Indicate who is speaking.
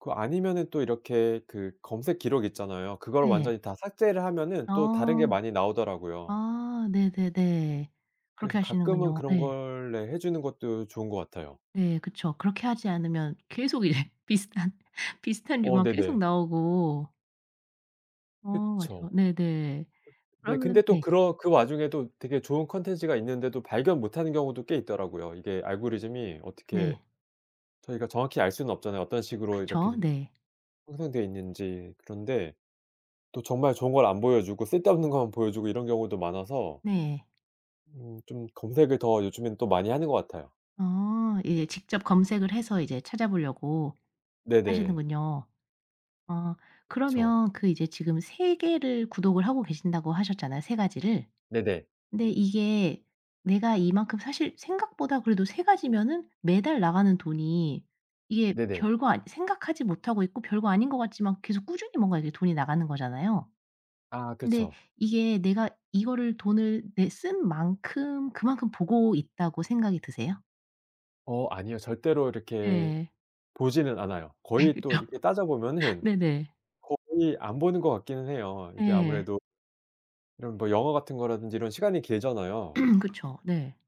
Speaker 1: 그 아니면은 또 이렇게 그 검색 기록 있잖아요. 그걸
Speaker 2: 예.
Speaker 1: 완전히 다 삭제를 하면은 또 다른 게
Speaker 2: 어.
Speaker 1: 많이 나오더라고요.
Speaker 2: 아. 네네네.
Speaker 1: 그래서
Speaker 2: 그렇게
Speaker 1: 가끔은
Speaker 2: 하시는군요.
Speaker 1: 그런
Speaker 2: 예.
Speaker 1: 걸 네 해 주는 것도 좋은 것 같아요.
Speaker 2: 예. 그쵸. 그렇게 하지 않으면 계속 이제 비슷한 비슷한
Speaker 1: 어.
Speaker 2: 류만 계속
Speaker 1: 네네.
Speaker 2: 나오고. 어. 맞아요.
Speaker 1: 그쵸.
Speaker 2: 네네.
Speaker 1: 네.
Speaker 2: 그러면
Speaker 1: 근데 또
Speaker 2: 네.
Speaker 1: 그렇 그 와중에도 되게 좋은 콘텐츠가 있는데도 발견 못 하는 경우도 꽤 있더라고요. 이게 알고리즘이 어떻게
Speaker 2: 네.
Speaker 1: 저희가 정확히 알 수는 없잖아요 어떤 식으로 이렇게
Speaker 2: 그쵸.
Speaker 1: 된
Speaker 2: 네.
Speaker 1: 형성돼 있는지. 그런데 또 정말 좋은 걸 안 보여 주고 쓸데없는 것만 보여 주고 이런 경우도 많아서
Speaker 2: 네.
Speaker 1: 음 좀 검색을 더 요즘엔 또 많이 하는 것 같아요.
Speaker 2: 어. 이제 직접 검색을 해서 이제 찾아보려고
Speaker 1: 네네.
Speaker 2: 하시는군요. 어.
Speaker 1: 그쵸.
Speaker 2: 그러면 그 이제 지금 3 개를 구독을 하고 계신다고 하셨잖아요, 3 가지를.
Speaker 1: 네네.
Speaker 2: 근데 이게 내가 이만큼 사실 생각보다 그래도 3 가지면은 매달 나가는 돈이 이게
Speaker 1: 네네.
Speaker 2: 별 거 아니 생각하지 못하고 있고 별거 아닌 것 같지만 계속 꾸준히 뭔가 이제 돈이 나가는 거잖아요.
Speaker 1: 아.
Speaker 2: 근데
Speaker 1: 그쵸.
Speaker 2: 이게 내가 이거를 돈을 내 쓴 만큼 그만큼 보고 있다고 생각이 드세요?
Speaker 1: 어. 아니요. 절대로 이렇게
Speaker 2: 예.
Speaker 1: 보지는 않아요.
Speaker 2: 네.
Speaker 1: 거의 또
Speaker 2: 그쵸.
Speaker 1: 이렇게 따져 보면은
Speaker 2: 네네.
Speaker 1: 거의 안 보는 것 같기는 해요 이게
Speaker 2: 예.
Speaker 1: 아무래도. 이런 뭐 영화 같은 거라든지 이런 시간이 길잖아요.
Speaker 2: 그쵸. 네.